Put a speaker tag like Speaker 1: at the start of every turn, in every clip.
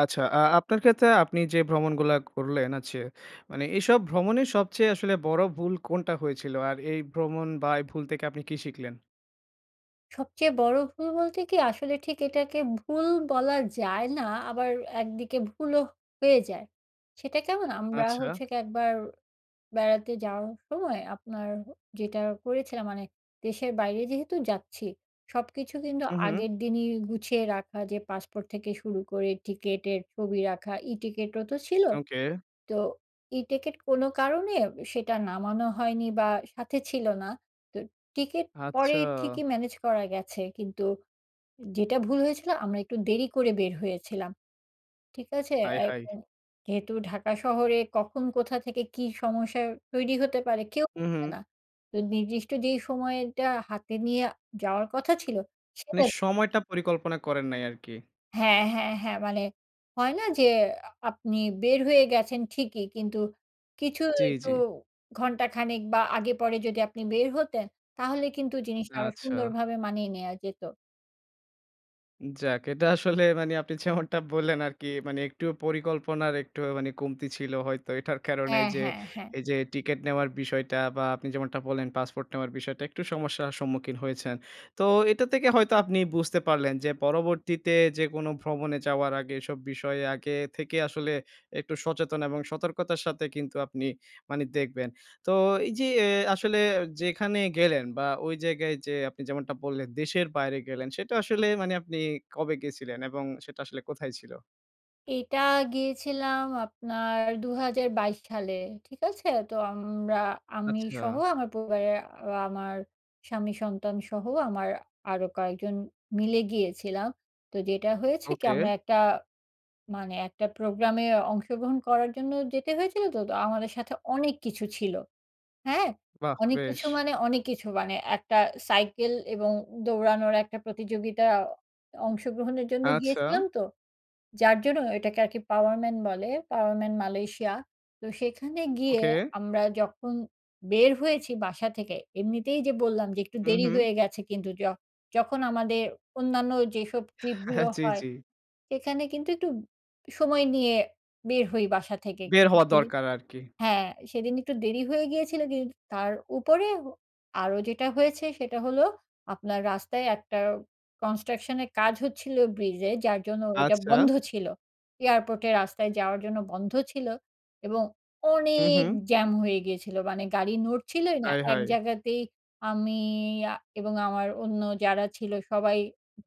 Speaker 1: আচ্ছা, আ আপনার ক্ষেত্রে আপনি যে ভ্রমণগুলা করলেন আছে মানে এসব ভ্রমণের সবচেয়ে আসলে বড় ভুল কোনটা হয়েছিল? আর এই ভ্রমণ বা এই ভুল থেকে আপনি কি শিখলেন?
Speaker 2: সবচেয়ে বড় ভুল বলতে কি আসলে ঠিক এটাকে ভুল বলা যায় না, আবার একদিকে ভুলও হয়ে যায়। সেটা কেমন? আমরা হচ্ছে
Speaker 1: আচ্ছা।
Speaker 2: কি একবার বেড়াতে যাওয়ার সময় আপনার হু, যেটা করেছিলাম মানে দেশের বাইরে যেহেতু যাচ্ছি, সবকিছু কিন্তু
Speaker 1: হু,
Speaker 2: আগের
Speaker 1: হু।
Speaker 2: দিনই গুছিয়ে রাখা, যে পাসপোর্ট থেকে শুরু করে টিকেটের ছবি রাখা। ই-টিকেটও তো ছিলো,
Speaker 1: ওকে।
Speaker 2: তো ই-টিকেট কোনো কারণে সেটা নামানো হয়নি বা, সাথে ছিলো না। তো টিকেট পরে
Speaker 1: আচ্ছা।
Speaker 2: ঠিকই ম্যানেজ করা গেছে কিন্তু যেটা ভুল হয়েছিল আমরা একটু দেরি করে বের হয়েছিলাম। ঠিক আছে?
Speaker 1: হায়, হায়।
Speaker 2: এখন যেহেতু ঢাকা শহরে কখন কোথা থেকে কী সমস্যার তৈরি হতে পারে কেউ
Speaker 1: হু,
Speaker 2: জানে
Speaker 1: হু।
Speaker 2: না। তো নির্দিষ্ট যেই সময়টা হাতে নিয়ে যাওয়ার কথা ছিলো, সেটা
Speaker 1: মানে সময়টা
Speaker 2: [unintelligible]
Speaker 1: পরিকল্পনা করেন নাই আরকি।
Speaker 2: হ্যাঁ, হ্যাঁ, হ্যাঁ। মানে হয় না যে আপনি বের হয়ে গেছেন ঠিকই, কিন্তু কিছু
Speaker 1: জি,
Speaker 2: একটু
Speaker 1: জি।
Speaker 2: ঘণ্টাখানেক বা আগে পরে যদি আপনি বের হতেন তাহলে কিন্তু জিনিসটা আরো
Speaker 1: আচ্ছা।
Speaker 2: সুন্দরভাবে মানিয়ে নেয়া যেতো।
Speaker 1: উম যাক, এটা আসলে মানে আপনি যেমনটা বললেন আরকি মানে একটু পরিকল্পনার একটু আ মানে কমতি ছিল হয়তো। এটার কারণে
Speaker 2: হ্যাঁ,
Speaker 1: এইযে
Speaker 2: হ্যাঁ, হ্যাঁ।
Speaker 1: এইযে টিকেট নেওয়ার বিষয়টা বা আপনি যেমনটা বললেন, পাসপোর্ট নেওয়ার বিষয়টা একটু সমস্যার সম্মুখীন হয়েছেন। তো এটা থেকে হয়তো আপনি বুঝতে পারলেন যে, পরবর্তীতে যেকোনো ভ্রমণে যাওয়ার আগে এসব বিষয়ে আগে থেকে আসলে একটু সচেতন এবং সতর্কতার সাথে কিন্তু আপনি মানে দেখবেন। তো এইযে এ আসলে আ যেখানে গেলেন বা ঐ জায়গায় যেয়ে আপনি যেমনটা বললেন, দেশের বাইরে গেলেন সেটা আসলে মানে আপনি কবে গেছিলেন? এবং সেটা আসলে কোথায় ছিল?
Speaker 2: এইটা গিয়েছিলাম আপনার ২০২২ সালে, ঠিক আছে? তো আমরা আমি
Speaker 1: আচ্ছা।
Speaker 2: সহ আমার পরিবারে আমার স্বামী, সন্তান সহ আমার আরো কয়েকজন মিলে গিয়েছিলাম। তো যেটা হয়েছে কি, আমরা
Speaker 1: ওকে।
Speaker 2: একটা মানে একটা প্রোগ্রামে অংশগ্রহণ করার জন্য যেতে হয়েছিল তো। তো আমাদের সাথে অনেক কিছু ছিল, হ্যাঁ?
Speaker 1: বাহ!
Speaker 2: অনেক
Speaker 1: বেশ।
Speaker 2: কিছু মানে অনেক কিছু। মানে একটা সাইকেল এবং দৌড়ানোর একটা প্রতিযোগিতা অংশগ্রহণের জন্য
Speaker 1: আচ্ছা!
Speaker 2: গিয়েছিলাম তো। যার জন্য এটাকে আর কি POWERMAN বলে, POWERMAN Malaysia, তো সেখানে গিয়ে
Speaker 1: ওকে।
Speaker 2: আমরা যখন বের হয়েছি বাসা থেকে, এমনিতেই যে বললাম যে একটু
Speaker 1: উম
Speaker 2: দেরি
Speaker 1: হুম।
Speaker 2: হয়ে গেছে কিন্তু য যখন আমাদের অন্যান্য যেসব ট্রিপগুলো
Speaker 1: জ্বি,
Speaker 2: হয়,
Speaker 1: জ্বি।
Speaker 2: সেখানে কিন্তু একটু সময় নিয়ে বের হই বাসা থেকে
Speaker 1: বের হওয়া
Speaker 2: ইভেঞ্চুয়ালি
Speaker 1: দরকার আর কি।
Speaker 2: হ্যাঁ, সেদিন একটু দেরি হয়ে গিয়েছিলো দি তার উপরে হ আরও যেটা হয়েছে সেটা হল, আপনার রাস্তায় একটা কনস্ট্রাকশনের কাজ হচ্ছিল ব্রিজে যার জন্য ওটা
Speaker 1: আচ্ছা।
Speaker 2: বন্ধ ছিল। এয়ারপোর্টের রাস্তায় যাওয়ার জন্য বন্ধ ছিল এবং
Speaker 1: হুম,
Speaker 2: অনেক
Speaker 1: হুম।
Speaker 2: জ্যাম হয়ে গিয়েছিলো মানে গাড়ি নড়ছিলই না,
Speaker 1: হায়,
Speaker 2: এক
Speaker 1: হায়!
Speaker 2: জায়গাতেই আমি আ এবং আমার অন্য যারা ছিল সবাই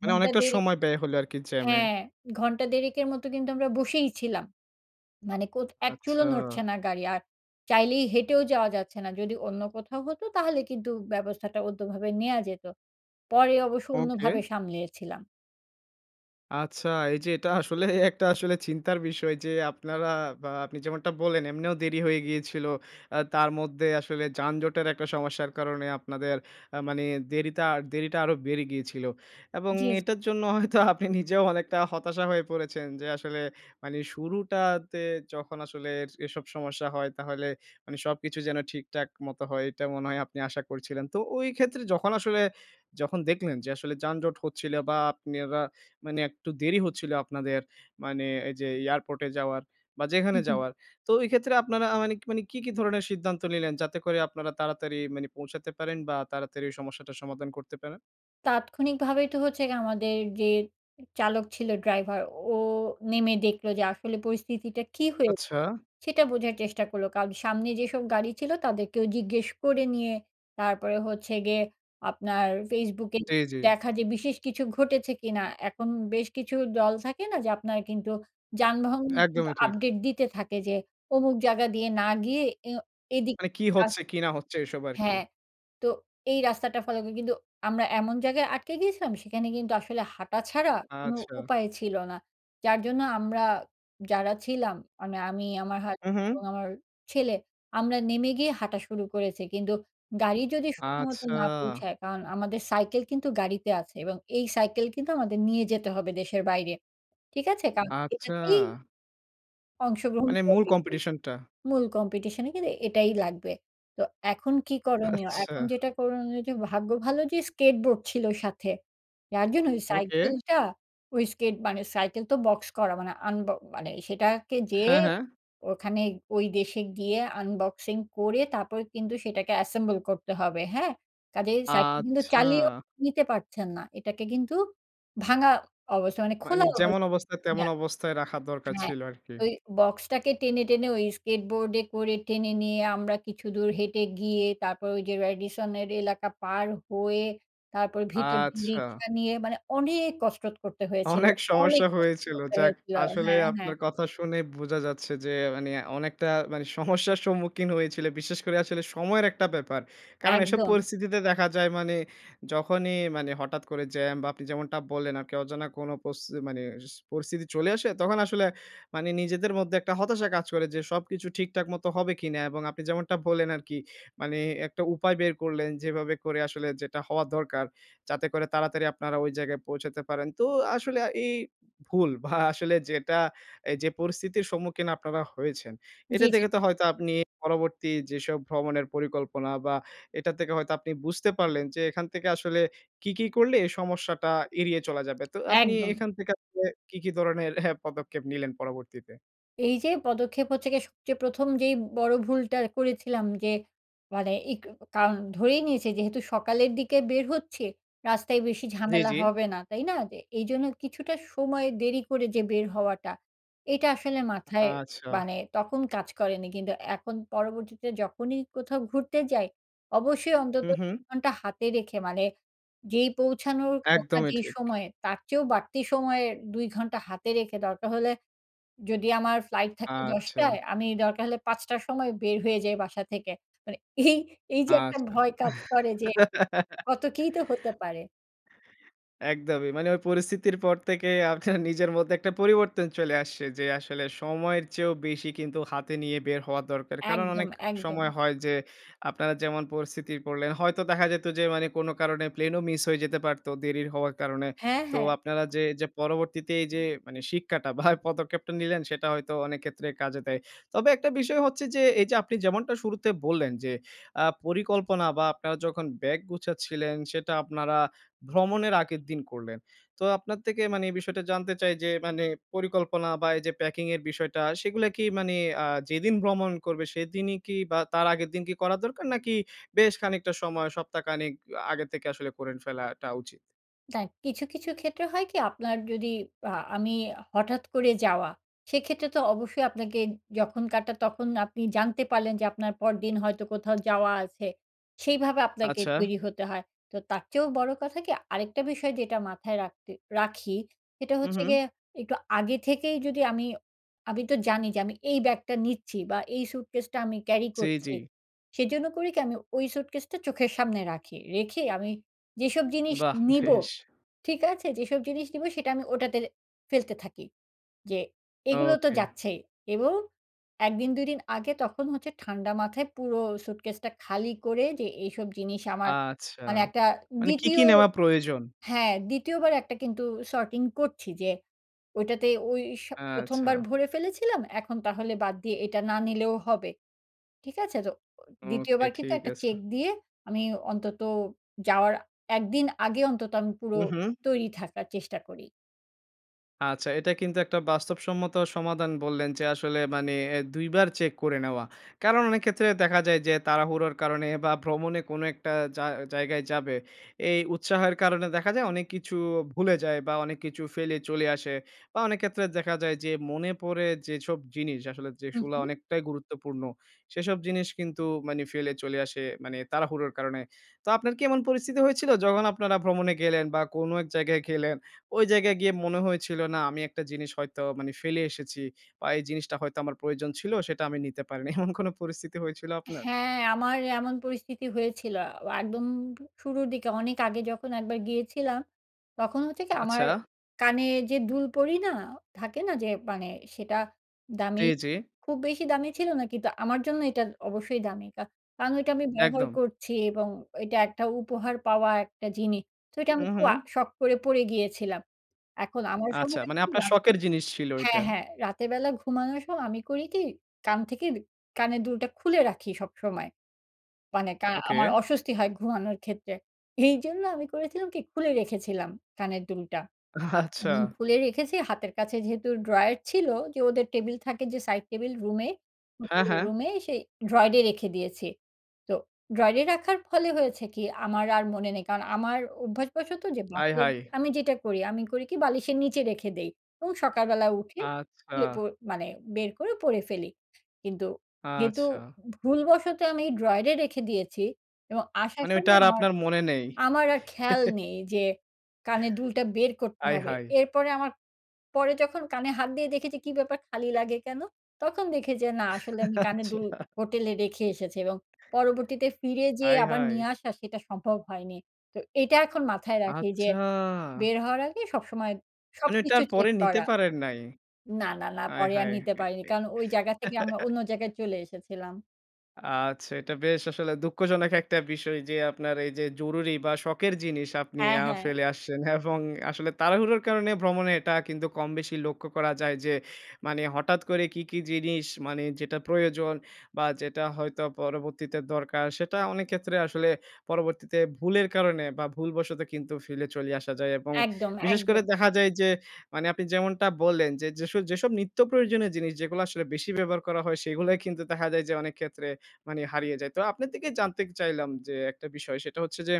Speaker 1: মানে
Speaker 2: ঘন্টা
Speaker 1: অনেকটা
Speaker 2: ১.৫
Speaker 1: সময় ব্যয় হলে আরকি জ্যামে।
Speaker 2: হ্যাঁ, ঘন্টা ১.৫ এর মতো কিন্তু আমরা বসেই ছিলাম। মানে কোথ এক চুলও
Speaker 1: আচ্ছা।
Speaker 2: নড়ছে না গাড়ি আর চাইলেই হেঁটেও যাওয়া যাচ্ছে না। যদি অন্য কোথাও হত তাহলে কিন্তু ব্যবস্থাটা অন্যভাবে নেওয়া যেত। পরে অবশ্য
Speaker 1: ওকে।
Speaker 2: অন্যভাবে সামলিয়েছিলাম।
Speaker 1: আচ্ছা। এই যে, এটা আসলে একটা আসলে চিন্তার বিষয়। যে আপনারা বা আপনি যেমনটা বল্লেন এমনিও দেরি হয়ে গিয়েছিল। আ তার মধ্যে আসলে যানজটের একটা সমস্যার কারণে, আপনাদের আ মানি দেরিতা দেরিটা আরো বেড়ে গিয়েছিল। এবং
Speaker 2: জি, জী।
Speaker 1: এটার জন্য হয়তো আপনি নিজেও অনেকটা হতাশা হয়ে পড়েছেন, যে আসলে মানে শুরুটাতে যখন আসলে এর এসব সমস্যা হয়, তাহলে মানে সবকিছু যেন ঠিকঠাক মত হয়। এটা মনে হয় আপনি আশা করেছিলেন। তো ওই ক্ষেত্রে যখন আসলে, যখন দেখলেন, যে আসলে যানজট হচ্ছিল বা আপনারা মানে একটু দেরি হচ্ছিল আপনাদের, মানে এই যে, এয়ারপোর্টে যাওয়ার বা
Speaker 2: হু,
Speaker 1: যেখানে
Speaker 2: হু।
Speaker 1: যাওয়ার। তো ওই ক্ষেত্রে আপনারা মানে মানে কী, কী, ধরনের সিদ্ধান্ত নিলেন, যাতে করে আপনারা তাড়াতাড়ি মানে পৌঁছাতে পারেন বা তাড়াতাড়ি সমস্যাটার সমাধান করতে পারেন?
Speaker 2: তাৎক্ষণিকভাবে তো হচ্ছে গে আমাদের যে চালক ছিল, ড্রাইভার ও নেমে দেখলো যে আসলে পরিস্থিতিটা কী হয়ে
Speaker 1: আচ্ছা।
Speaker 2: সেটা বোঝার চেষ্টা করলো। কারন সামনে যেসব গাড়ি ছিল, তাদেরকেও জিজ্ঞেস করে নিয়ে তারপরে হচ্ছে গিয়ে, আপনার Facebook এ
Speaker 1: জী, জী।
Speaker 2: দেখা যে বিশেষ কিছু ঘটেছে কিনা? এখন বেশ কিছু দল থাকে না? যে আপনার কিন্তু যানবাহন কিন্তু
Speaker 1: একদমই ঠিক।
Speaker 2: আপডেট দিতে থাকে, যে অমুক জায়গা দিয়ে না গিয়ে, এ এদিক
Speaker 1: মানে কি
Speaker 2: কাছ
Speaker 1: হচ্ছে, কি না হচ্ছে এসব আরকি।
Speaker 2: হ্যাঁ। তো এই রাস্তাটা ফলো করে কিন্তু আমরা এমন জায়গায় আটকে গিয়েছিলাম, সেখানে কিন্তু আসলে হাঁটা ছাড়া কোনো
Speaker 1: আচ্ছা।
Speaker 2: উপায় ছিল না। যার জন্য আমরা যারা ছিলাম, মানে আমি, আমার হাজ
Speaker 1: হু,
Speaker 2: এবং
Speaker 1: হু।
Speaker 2: আমার ছেলে, আমরা নেমে গিয়ে হাঁটা শুরু করেছি। কিন্তু গাড়ি যদি সময়মতো
Speaker 1: আচ্ছা।
Speaker 2: না পৌঁছায়, কারণ আমাদের সাইকেল কিন্তু গাড়িতে আছে এবং এই সাইকেল কিন্তু আমাদের নিয়ে যেতে হবে দেশের বাইরে। ঠিক আছে? কারণ
Speaker 1: আচ্ছা।
Speaker 2: এটাতেই অংশগ্রহণ
Speaker 1: মানে মূল
Speaker 2: [unintelligible]
Speaker 1: কম্পিটিশন টা।
Speaker 2: মূল কম্পিটিশনে কিন্তু এটাই লাগবে। তো এখন কী করণীয়?
Speaker 1: আচ্ছা।
Speaker 2: এখন যেটা করণীয় যে ভাগ্য ভালো যে স্কেট বোর্ড ছিল সাথে, যার জন্য ওই
Speaker 1: ওকে।
Speaker 2: সাইকেলটা ওই স্কেট, মানে সাইকেল তো বক্স করা, মানে আনব মানে সেটাকে যেয়ে,
Speaker 1: হ্যাঁ, হ্যাঁ।
Speaker 2: ওখানে ওই দেশে গিয়ে আনবক্সিং করে তারপর কিন্তু সেটাকে assemble করতে হবে। হ্যাঁ? কাজেই সাইকেল কিন্তু
Speaker 1: আচ্ছা
Speaker 2: চালিয়েও নিতে পারছেন না। এটাকে কিন্তু ভাঙা অবস্থা মানে খোলা
Speaker 1: মানি
Speaker 2: অবছ
Speaker 1: যেমন অবস্থা, তেমন
Speaker 2: [unintelligible]
Speaker 1: অবস্থায় রাখার দরকার
Speaker 2: হ্যাঁ।
Speaker 1: ছিল আরকি।
Speaker 2: ওই বক্সটাকে টেনে, টেনে, ওই স্কেটবোর্ডে করে টেনে নিয়ে আমরা কিছুদূর হেঁটে গিয়ে, তারপর ওই যে রেডিসনের এলাকা পার হয়ে, তারপর ভিতর দিয়ে
Speaker 1: আচ্ছা
Speaker 2: রিক্সা নিয়ে, মানে অনেক কসরত করতে হয়েছিল,
Speaker 1: অনেক
Speaker 2: অনেক
Speaker 1: সমস্যা
Speaker 2: কসরত
Speaker 1: হয়েছিল।
Speaker 2: করতে
Speaker 1: যাক
Speaker 2: হয়েছিল।
Speaker 1: আসলে
Speaker 2: হ্যাঁ, হ্যাঁ।
Speaker 1: আপনার কথা শুনে বুঝা যাচ্ছে যে, মানি অনেকটা মানে সমস্যার সম্মুখীন হয়েছিল। বিশেষ করে আসলে সময়ের একটা ব্যাপার। কারণ এসব
Speaker 2: একদম।
Speaker 1: পরিস্থিতিতে দেখা যায়, মানে যখনই মানে হঠাৎ করে জ্যাম বা আপনি যেমনটা বললেন, আরকি অজানা কোন পচতি মানে পরিস্থিতি, চলে আসে, তখন আসলে, মানি নিজেদের মধ্যে একটা হতাশা কাজ করে। যে সবকিছু ঠিকঠাক মত হবে কিনা? এবং আপনি যেমনটা বললেন আরকি, মানে একটা উপায় বের করলেন, যেভাবে করে আসলে যেটা হওয়া দরকার, যাতে করে তাড়াতাড়ি আপনারা ওই জায়গায় পৌঁছাতে পারেন। তো আসলে আ এই ভুল ভা আসলে যেটা, এই যে পরিস্থিতির সম্মুখীন আপনারা হয়েছেন, এটা
Speaker 2: জ্বি, জ্বি।
Speaker 1: দেখে তো হয়তো আপনি পরবর্তী, যেসব ভ্রমণের পরিকল্পনা বা এটা থেকে হয়তো আপনি বুঝতে পারলেন, যে এখান থেকে আসলে কী, কী, করলে, এই সমস্যাটা এড়িয়ে চলা যাবে। তো আপনি
Speaker 2: একদম।
Speaker 1: এখান থেকে আসলে কী, কী, ধরনের পদক্ষেপ নিলেন পরবর্তীতে?
Speaker 2: এইযে, পদক্ষেপ হচ্ছে গিয়ে সবচেয়ে ১ম যেই বড়ো ভুলটা করেছিলাম যে, মানে ইক ও কারণ ধরেই নিয়েছে যেহেতু সকালের দিকে বের হচ্ছি, রাস্তায় বেশি
Speaker 1: জ্বি,
Speaker 2: ঝামেলা
Speaker 1: জ্বি।
Speaker 2: হবে না, তাই না? যে এইজন্য কিছুটা সময় দেরি করে যে বের হওয়াটা, এটা আসলে মাথায়
Speaker 1: আচ্ছা।
Speaker 2: মানে তখন কাজ করেনি। কিন্তু এখন পরবর্তীতে যখনই কোথাও ঘুরতে যাই, অবশ্যই অন্তত
Speaker 1: হুম, হুম।
Speaker 2: ঘন্টা হাতে রেখে মানে, যেই পৌঁছানোর কথা
Speaker 1: একদমই
Speaker 2: যেই
Speaker 1: ঠিক।
Speaker 2: সময়ে, তার চেয়েও বাড়তি সময়ের ২ ঘন্টা হাতে রেখে, দরকার হলে যদি আমার ফ্লাইট থাকে
Speaker 1: আচ্ছা।
Speaker 2: ১০ঃ০০ য় আমি দরকার হলে ৫ঃ০০ র সময় বের হয়ে যাই বাসা থেকে। মানে এই এই যে একটা
Speaker 1: আচ্ছা।
Speaker 2: ভয় কাজ করে যে কত কিই তো হতে পারে।
Speaker 1: একদমই। মানে ওই পরিস্থিতির পর থেকে আপনার নিজের মধ্যে একটা পরিবর্তন চলে আসছে যে, আসলে সময়ের চেয়েও বেশি কিন্তু হাতে নিয়ে বের হওয়া দরকার। কারণ
Speaker 2: একদম,
Speaker 1: অনেক
Speaker 2: একদম।
Speaker 1: সময় হয় যে আপনারা যেমন পরিস্থিতি পড়লেন হয়তো দেখা যেত যে, মানে কোন কারণে প্লেনও মিস হয়ে যেতে পারত। দেরি হওয়ার কারণে।
Speaker 2: হ্যাঁ,
Speaker 1: তো
Speaker 2: হ্যাঁ।
Speaker 1: আপনারা যে এইযে পরবর্তীতে এইযে মানে শিক্ষাটা বা এ পদক্ষেপটা নিলেন সেটা হয়তো অনেক ক্ষেত্রে কাজে দেয়। তবে একটা বিষয় হচ্ছে যে, এইযে আপনি যেমনটা শুরুতে বললেন যে, আ পরিকল্পনা বা আপনারা যখন ব্যাগ গুছাচ্ছিলেন সেটা আপনারা ভ্রমণের আগের দিন করলেন। তো আপনার থেকে মানে এই বিষয়টা জানতে চাই যে, মানে পরিকল্পনা বা এইযে প্যাকিং এর বিষয়টা সেগুলো কি মানে আ যেদিন ভ্রমণ করবে সেদিনই কি বা তার আগের দিন কি করা দরকার? নাকি বেশ খানিকটা সময়, সপ্তাহ খানেক আগে থেকে আসলে করেন ফেলাটা উচিত?
Speaker 2: দা কিছু, কিছু ক্ষেত্রে হয় কি আপনার যদি আ আমি হঠাৎ করে যাওয়া, সেক্ষেত্রে তো অবশ্যই আপনাকে যখন কাটা, তখন আপনি জানতে পারলেন যে, আপনার পরদিন হয়তো কোথাও যাওয়া আছে। সেইভাবে আপনাকে
Speaker 1: আচ্ছা।
Speaker 2: তৈরি হতে হয়। তো তারচেয়েও বড় কথা কি, আরেকটা বিষয় যেটা মাথায় রাখতে রাখি, সেটা
Speaker 1: হু,
Speaker 2: হচ্ছে গিয়ে,
Speaker 1: হু।
Speaker 2: একটু আগে থেকেই যদি আমি আমি তো জানি যে, আমি এই ব্যাগটা নিচ্ছি বা, এই স্যুটকেসটা আমি ক্যারি
Speaker 1: জি, জি।
Speaker 2: করছি। সেজন্য করি কি, আমি ওই স্যুটকেসটা চোখের সামনে রাখি। রেখে আমি যেসব জিনিস
Speaker 1: বাহ!
Speaker 2: নিবো,
Speaker 1: বেশ।
Speaker 2: ঠিক আছে? যেসব জিনিস নিবো সেটা আমি ওটাতে ফেলতে থাকি যে, এগুলো তো
Speaker 1: ওকে।
Speaker 2: যাচ্ছেই এবং ১ দিন ২ দিন আগে তখন হচ্ছে ঠান্ডা মাথায় পুরো স্যুটকেসটা খালি করে, যে এইসব জিনিস আমার
Speaker 1: আচ্ছা!
Speaker 2: মানে একটা
Speaker 1: মানে কী,
Speaker 2: ২য়
Speaker 1: কী নেওয়া প্রয়োজন।
Speaker 2: হ্যাঁ, ২য় বার একটা কিন্তু সর্টিং করছি যে, ওইটাতে ওই স ১ম বার
Speaker 1: আচ্ছা।
Speaker 2: ভরে ফেলেছিলাম, এখন তাহলে বাদ দিয়ে এটা না নিলেও হবে। ঠিক আছে? তো ও ২য়
Speaker 1: ওকে।
Speaker 2: বার কিন্তু
Speaker 1: ঠিক
Speaker 2: একটা
Speaker 1: আছে।
Speaker 2: চেক দিয়ে, আমি অন্তত যাওয়ার ১ দিন আগে অন্তত আমি পুরো
Speaker 1: হু, হু।
Speaker 2: তৈরি থাকার চেষ্টা করি।
Speaker 1: আচ্ছা, এটা কিন্তু একটা বাস্তবসম্মত সমাধান বললেন যে, আসলে মানে অ্যা ২ বার চেক করে নেওয়া। কারণ অনেক ক্ষেত্রে দেখা যায় যে, তাড়াহুড়োর কারণে বা ভ্রমণে কোন একটা জা জায়গায় যাবে, এই উৎসাহের কারণে দেখা যায় অনেক কিছু ভুলে যায় বা অনেক কিছু ফেলে চলে আসে বা অনেক ক্ষেত্রে দেখা যায় যে, মনে পড়ে যেসব জিনিস, আসলে
Speaker 2: হুম,
Speaker 1: যেগুলা
Speaker 2: হুম।
Speaker 1: অনেকটাই গুরুত্বপূর্ণ। সেসব জিনিস কিন্তু মানে ফেলে চলে আসে মানে তাড়াহুড়োর কারণে। তো আপনার কি এমন পরিস্থিতি হয়েছিল, যখন আপনারা ভ্রমণে গেলেন বা কোন এক জায়গায় গেলেন, ওই জায়গায় গিয়ে মনে হয়েছিল, "না আমি একটা জিনিস হয়তো মানে ফেলে এসেছি বা এই জিনিসটা হয়তো আমার প্রয়োজন ছিল, সেটা আমি নিতে পারি নাই" এমন কোন পরিস্থিতি হয়েছিল আপনার?
Speaker 2: হ্যাঁ, আমার এমন পরিস্থিতি হয়েছিলো। আ একদম উ শুরুর দিকে অনেক আগে যখন একবার গিয়েছিলাম, তখন হচ্ছে কি আমার
Speaker 1: আচ্ছা।
Speaker 2: কানে যে দুল পরি না? থাকে না যে, মানে সেটা দামি
Speaker 1: জি, জি।
Speaker 2: খুব বেশি দামি ছিল না কিন্তু, আমার জন্য এইটার অবশ্যই দামি। কা কারণ ওইটা আমি ব্যবহার
Speaker 1: একদম।
Speaker 2: করছি এবং ঐটা একটা উপহার পাওয়া একটা জিনি তো ঐটা আমি
Speaker 1: উম
Speaker 2: খু আ
Speaker 1: হুম।
Speaker 2: শখ করে পরে গিয়েছিলাম। এখন আমার
Speaker 1: আচ্ছা, মানে আপনার
Speaker 2: [unintelligible]
Speaker 1: শখের জিনিস ছিল
Speaker 2: হ্যাঁ,
Speaker 1: ঐটা?
Speaker 2: হ্যাঁ। রাতের বেলা ঘুমানোর সময় আমি করি কি, কান থেকের কানের দুলটা খুলে রাখি সবসময়। মানে কা
Speaker 1: ওকে।
Speaker 2: আমার অস্বস্তি হয় ঘুমানোর ক্ষেত্রে। এইজন্য আমি করেছিলাম কি, খুলে রেখেছিলাম কানের দুলটা।
Speaker 1: আচ্ছা।
Speaker 2: এমন খুলে রেখেছি হাতের কাছে যেহেতু ড্রয়ার ছিল, যে ওদের টেবিল থাকে যে সাইড টেবিল, রুমে
Speaker 1: হ্যাঁ,
Speaker 2: হোটেলের
Speaker 1: হ্যাঁ।
Speaker 2: রুমে, সেই ড্রয়ারে রেখে দিয়েছি। তো ড্রয়ারে রাখার ফলে হয়েছে কি, আমার আর মনে নেই কারণ, আমার অভ্যাসবশত যে
Speaker 1: আয়,
Speaker 2: বাসে
Speaker 1: হায়!
Speaker 2: আমি যেটা করি আমি করি কি বালিশের নীচে রেখে দেই এবং সকালবেলা উঠে
Speaker 1: আচ্ছা।
Speaker 2: খুলে পো মানে, বের করে পরে ফেলি। কিন্তু কিন্তু
Speaker 1: আচ্ছা।
Speaker 2: ভুলবশত আমি ড্রয়ারে রেখে দিয়েছি এবং আসার
Speaker 1: মানে ওইটা
Speaker 2: সময়
Speaker 1: আর
Speaker 2: আমার
Speaker 1: আপনার মনে নেই?
Speaker 2: আমার আর খেয়াল নেই যে, "কানের দুলটা বের করতে
Speaker 1: আয়,
Speaker 2: হবে!"
Speaker 1: হায়!
Speaker 2: এরপরে আমার পরে যখন কানে হাত দিয়ে দেখি যে, "কি ব্যাপার খালি লাগে কেন?" তখন দেখি যে, "না, আসলে আমি কানের দুল
Speaker 1: আচ্ছা।
Speaker 2: হোটেলে রেখে এসেছি" এবং পরবর্তীতে ফিরে যেয়ে
Speaker 1: আয়,
Speaker 2: আবার
Speaker 1: হায়!
Speaker 2: নিয়ে আসা, সেটা সম্ভব হয়নি। তো এটা এখন মাথায় রাখি যে,
Speaker 1: আচ্ছা!
Speaker 2: বের হওয়ার আগে সবসময়
Speaker 1: মানে এটা
Speaker 2: সবকিছু
Speaker 1: আর পরে
Speaker 2: চেক
Speaker 1: নিতে
Speaker 2: করা
Speaker 1: পারেন নাই।
Speaker 2: না, না, না
Speaker 1: আয়
Speaker 2: পরে আর
Speaker 1: হায়!
Speaker 2: নিতে পারিনি। কারণ ওই জাগা থেকে আমরা অন্য জাগায় চলে এসেছিলাম।
Speaker 1: আচ্ছা। এটা বেশ আসলে দুঃখজনক একটা বিষয়। যে আপনার এই যে জরুরি বা শখের জিনিস আপনি
Speaker 2: হ্যাঁ,
Speaker 1: আ
Speaker 2: হ্যাঁ।
Speaker 1: ফেলে আসছেন। এবং আসলে তাড়াহুড়োর কারণে ভ্রমণে এটা কিন্তু কমবেশি লক্ষ্য করা যায়। যে মানে হঠাৎ করে কি, কি, জিনিস মানে যেটা প্রয়োজন। বা যেটা হয়তো পরবর্তীতে দরকার সেটা অনেক ক্ষেত্রে আসলে, পরবর্তীতে ভুলের কারনে বা ভুলবশত কিন্তু ফেলে চলে আসা যায়। এবং
Speaker 2: একদম,
Speaker 1: বিশেষ করে
Speaker 2: একদম।
Speaker 1: দেখা যায় যে, মানে, আপনি যেমনটা বললেন যে, যেসব, যেসব, নিত্য প্রয়োজনীয় জিনিস যেগুলা আসলে বেশি ব্যবহার করা হয়। সেগুলো কিন্তু দেখা যায় যে, অনেক ক্ষেত্রে মানে হারিয়ে যায়। তো আপনার থেকে জানতে চাইলাম যে একটা বিষয়, সেটা হচ্ছে যে,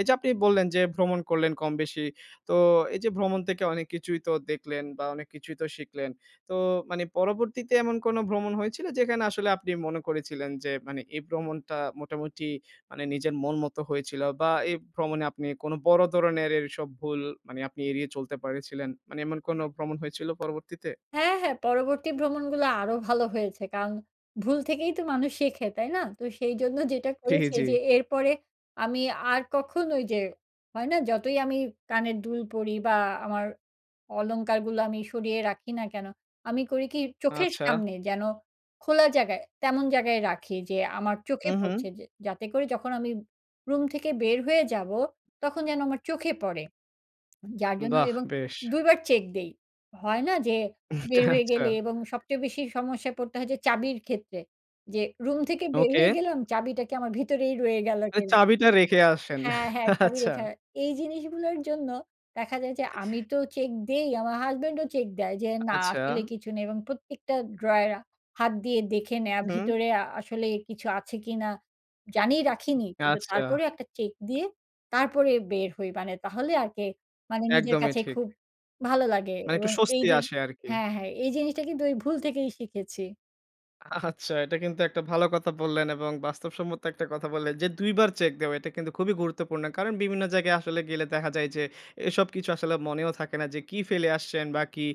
Speaker 1: এই যে আপনি বললেন যে ভ্রমণ করলেন কম বেশি। তো এই যে ভ্রমণ থেকে অনেক কিছুই তো দেখলেন বা অনেক কিছুই তো শিখলেন। তো মানে পরবর্তীতে এমন কোনো ভ্রমণ হয়েছিল? যেখানে আসলে আপনি মনে করেছিলেন, যে মানে এই ভ্রমণটা মোটামুটি মানে নিজের মন মত হয়েছিল, বা এই ভ্রমণে আপনি কোন বড় ধরনের এসব ভুল মানে আপনি এড়িয়ে চলতে পেরেছিলেন মানে এমন কোনো ভ্রমণ হয়েছিল পরবর্তীতে?
Speaker 2: হ্যাঁ, হ্যাঁ। পরবর্তী ভ্রমণগুলো আরো ভালো হয়েছে। কারন ভুল থেকেই তো মানুষ শেখে। তাই না? তো সেই জন্য যেটা
Speaker 1: জ্বি,
Speaker 2: করেছি
Speaker 1: জ্বি।
Speaker 2: যে, এরপরে আমি আর কখনো ঐ যে, হয় না? যতই আমি কানের দুল পড়ি বা আমার অলংকারগুলো আমি সরিয়ে রাখি না কেন, আমি করি কি চোখের
Speaker 1: আচ্ছা।
Speaker 2: সামনে যেন খোলা জায়গায়, তেমন জায়গায় রাখি যে, আমার চোখে পরছে
Speaker 1: উহু।
Speaker 2: যে যাতে করে যখন আমি রুম থেকে বের হয়ে যাব তখন যেন আমার চোখে পরে। যার জন্য
Speaker 1: বাহ,
Speaker 2: এবং
Speaker 1: বেশ।
Speaker 2: ২ বার চেক দেই। হয় না? যে
Speaker 1: হুম, চা
Speaker 2: বের হয়ে
Speaker 1: আচ্ছা
Speaker 2: গেলে, এবং সবচেয়ে বেশি সমস্যায় পড়তে হচ্ছে চাবির ক্ষেত্রে। যে রুম থেকে বের হয়ে
Speaker 1: ওকে।
Speaker 2: গেলাম চাবিটা কি আমার ভিতরেই রয়ে গেলো
Speaker 1: ঐ
Speaker 2: কিনা
Speaker 1: চাবিটা রেখে আসেন।
Speaker 2: হ্যাঁ, হ্যাঁ, চাবি
Speaker 1: আচ্ছা।
Speaker 2: রেখে এই জিনিসগুলোর জন্য দেখা যায় যে, আমি
Speaker 1: [unintelligible]
Speaker 2: তো চেক দেই, আমার হাসব্যান্ডও চেক দেয়। যে না
Speaker 1: আচ্ছা।
Speaker 2: আসলে কিছু নেই এবং প্রত্যেকটা ড্রয়ার হাত দিয়ে দেখে নেওয়া।
Speaker 1: হু।
Speaker 2: ভিতরে আ আসলে কিছু আছে কি না? জানি রাখিনি কিন্তু
Speaker 1: আচ্ছা।
Speaker 2: তারপরে একটা চেক দিয়ে তারপরে বের হই। মানে তাহলে আরকি, মানে নিজের
Speaker 1: একদমই
Speaker 2: কাছে
Speaker 1: ঠিক।
Speaker 2: খুব ভালো লাগে,
Speaker 1: মানে একটু
Speaker 2: এবং এই
Speaker 1: স্বস্তি
Speaker 2: যে
Speaker 1: আসে আরকি।
Speaker 2: হ্যাঁ, হ্যাঁ, এই জিনিসটা কিন্তু ওই ভুল থেকেই শিখেছি।
Speaker 1: আচ্ছা। এটা কিন্তু একটা ভালো কথা বললেন এবং বাস্তবসম্মত একটা কথা বললেন। যে ২ বার চেক দেওয়া এটা কিন্তু খুবই গুরুত্বপূর্ণ। কারণ বিভিন্ন জায়গায় আসলে গেলে দেখা যায় যে, এসব কিছু আসলে মনেও থাকে না যে কী ফেলে আসছেন? বা কি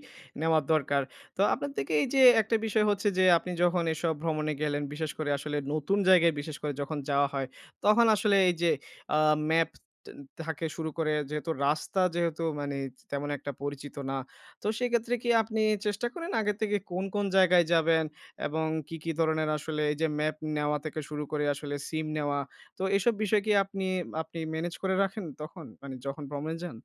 Speaker 1: নেওয়া দরকার? তো আপনার থেকে এই যে, একটা বিষয় হচ্ছে যে আপনি যখন এসব ভ্রমণে গেলেন, বিশেষ করে আসলে নতুন জায়গায় বিশেষ করে যখন যাওয়া হয়? তখন আসলে এই যে আ ম্যাপ থ থাকে শুরু করে যেহেতু রাস্তা যেহেতু মানে তেমন একটা পরিচিত না। তো সেক্ষেত্রে কি আপনি চেষ্টা করেন? আগের থেকে কোন, কোন জায়গায় যাবেন এবং কী, কী ধরনের আসলে? এই যে ম্যাপ নেওয়া থেকে শুরু করে আসলে, সিম নেওয়া, তো এসব বিষয় কি আপনি আপনি, ম্যানেজ করে রাখেন তখন? মানে যখন ভ্রমনে যান?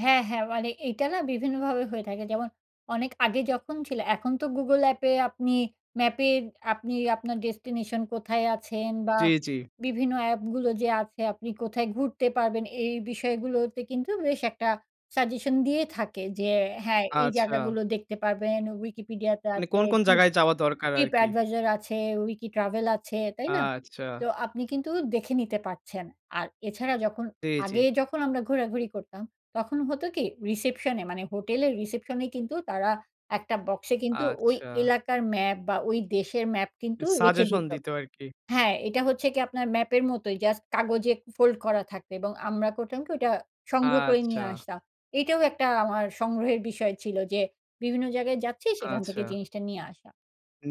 Speaker 2: হ্যাঁ, হ্যাঁ। মানে এইটা না বিভিন্নভাবে হয়ে থাকে। যেমন অনেক আগে যখন ছিল। এখন তো Google অ্যাপে আপনি Map এ আপনি আপনার ডেস্টিনেশন কোথায় আছেন? বা
Speaker 1: জ্বি, জ্বি।
Speaker 2: বিভিন্ন অ্যাপগুলো যে আছে। আপনি কোথায় ঘুরতে পারবেন এই বিষয়গুলোতে কিন্তু বেশ একটা সাজেশন দিয়ে থাকে। যে হ্যাঁ, এই
Speaker 1: আচ্ছা।
Speaker 2: জায়গাগুলো দেখতে পারবেন Wikipedia তে
Speaker 1: মানে
Speaker 2: আছে,
Speaker 1: কোন, কোন
Speaker 2: ট্রিপ
Speaker 1: জায়গায় যাওয়া দরকার
Speaker 2: Trip
Speaker 1: আরকি?
Speaker 2: Advisor আছে, Wiki Travel আছে তাই না?
Speaker 1: আচ্ছা।
Speaker 2: তো আপনি কিন্তু দেখে নিতে পারছেন। আর এছাড়া যখন
Speaker 1: জ্বি, জ্বি।
Speaker 2: আগে যখন আমরা ঘোরাঘুরি করতাম, তখন হতো কি? রিসেপশনে মানে হোটেলের রিসেপশনে কিন্তু তারা একটা বক্সে কিন্তু ওই
Speaker 1: আচ্ছা।
Speaker 2: এলাকার ম্যাপ বা ওই দেশের ম্যাপ কিন্তু রেখে
Speaker 1: সাজেশন
Speaker 2: দিত,
Speaker 1: দিত আর কি।
Speaker 2: হ্যাঁ এটা হচ্ছে কি আপনার ম্যাপের মতোই জাস্ট কাগজে ফোল্ড করা থাকে। এবং আমরা করতাম কি? ওইটা সংগ্রহ করে
Speaker 1: আচ্ছা।
Speaker 2: নিয়ে আসতাম। এইটাও একটা আমার সংগ্রহের বিষয় ছিল যে, বিভিন্ন জায়গায় যাচ্ছি সেখান থেকে
Speaker 1: আচ্ছা।
Speaker 2: জিনিসটা নিয়ে আসা।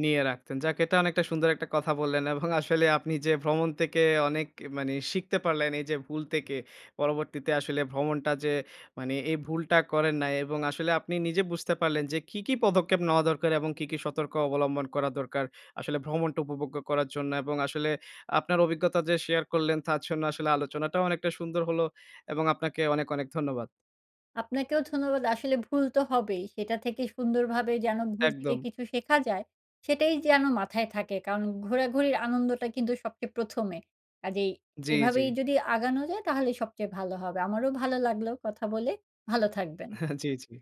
Speaker 1: নিয়ে রাখতেন। যাক এটা অনেকটা সুন্দর একটা কথা বললেন। এবং আসলে আপনি যে ভ্রমণ থেকে অনেক মানি শিখতে পারলেন। এই যে ভুল থেকে পরবর্তীতে আসলে ভ্রমণটা যে মানি, এই ভুলটা করেন নাই এবং আসলে আপনি নিজে বুঝতে পারলেন যে কি, কি পদক্ষেপ নেওয়া দরকার? এবং কি, কি সতর্ক অবলম্বন করা দরকার? আসলে ভ্রমণটা উপভোগ্য করার জন্য এবং আসলে আপনার অভিজ্ঞতা যে শেয়ার করলেন তার জন্য আসলে আলোচনাটাও অনেকটা সুন্দর হলো। এবং আপনাকে অনেক, অনেক ধন্যবাদ।
Speaker 2: আপনাকেও ধন্যবাদ। আসলে ভুল তো হবেই সেটা থেকে সুন্দরভাবে যেন, ভুল থেকে
Speaker 1: একদম।
Speaker 2: কিছু শেখা যায়। সেটাই যেন মাথায় থাকে, কারণ ঘোরাঘুরির আনন্দটা কিন্তু সবচেয়ে ১ম এ কাজেই
Speaker 1: জ্বি, জ্বি।
Speaker 2: এভাবেই যদি আগানো যায় তাহলে সবচেয়ে ভালো হবে আমারও ভালো লাগলো কথা বলে। ভালো থাকবেন।
Speaker 1: জ্বি, জ্বি।